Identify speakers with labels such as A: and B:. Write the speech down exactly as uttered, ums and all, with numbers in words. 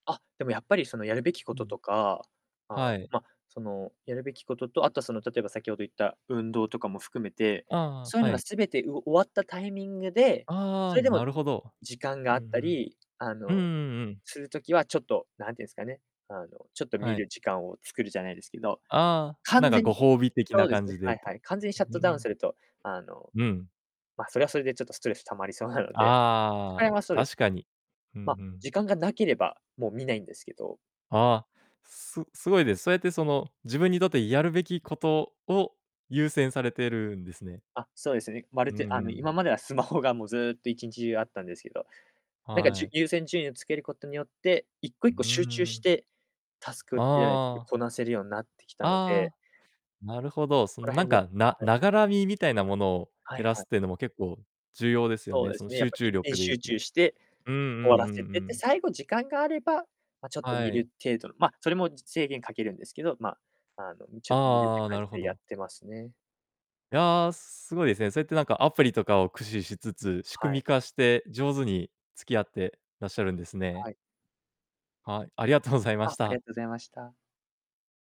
A: あ、でもやっぱり、その、やるべきこ
B: う
A: と
B: ん。
A: とか、ああ、
B: はい。
A: ま、その、やるべきことと、あとは、その、例えば先ほど言った運動とかも含めて、
B: あああ
A: そうゆ
B: あ、は
A: のが
B: い。
A: 全て、う終わったタイミングで、
B: ああ
A: そ
B: ああ、
A: れでも
B: なるほど。
A: 時間が
B: う
A: あった
B: ん、
A: り、あ
B: ふん。うん
A: の、
B: うんうん。
A: する時は、ちょっと、なんてんすかね、あの、ちょっと見
B: はい。
A: る時間を作るじゃないですけど、
B: ああ、なん
A: 完
B: か
A: 全
B: ご
A: に
B: 褒美的
A: そ
B: な
A: うで
B: 感
A: すね、
B: じで
A: は
B: っ
A: い
B: て。
A: はい、完全にシャッ
B: う
A: ト
B: う
A: ダウン
B: ん。
A: すると、あの、
B: うん。
A: ま、それはそれでちょっとストレス溜まりそうな
B: あああ
A: ので、そ
B: ああ
A: こら
B: あ、
A: へんはそうです、
B: 確かに。うん、
A: ま、
B: ふん。
A: 時間がなければ、もう見ないんですけど
B: ああ、すすごいです。そうやって、その、自分にとってやるべきことを優先されてるんですね。
A: あ、そうです、にま
B: う
A: る
B: ん
A: て、あ
B: う
A: の、
B: ん。
A: 今まではスマホが、もう、ずっと、いちんちじゅうあったんですけど、なんか、じ
B: は
A: ゅ
B: い。
A: 優先順位をつけることによって、いっこいっ
B: うう
A: こ
B: ん
A: 集
B: う
A: 中し
B: ん。
A: て、タスクじゃないですけ
B: ああ。
A: こなせるようんなってきたので
B: ああ、なるほど。そ
A: ここ
B: の、
A: ら
B: なん
A: 辺の
B: か、な
A: はい。
B: ながら見、みたいなものを
A: はい
B: 減らす
A: はい。
B: ってのも結構重要ですよ
A: そう
B: ね。
A: で
B: その、
A: すね、やっ
B: 集
A: ぱ、
B: 中
A: 一点
B: 力で言う
A: 集
B: と。
A: 中して、
B: うんう
A: 終わ
B: ん
A: ら
B: うんう
A: せて、で、
B: ん。
A: 最後時間があれば、ま、ちょっと
B: は
A: 見
B: い。
A: る程度の、ま、それも、じ制限かけるんですけど、ま、あの、うん、ち
B: あ
A: ょっと見るっ
B: あ
A: て
B: ああ、な
A: 感じ
B: るほ
A: でやっ
B: ど。
A: てますね。
B: いや、すごいですね。そうやってなんかアプリとかを駆使しつつ、仕
A: は
B: 組
A: い。
B: み化して上手に付き合ってらっしゃるんですね。
A: はい。
B: はい、ありがとうございまし
A: あ、あり
B: た。
A: がと、ございました。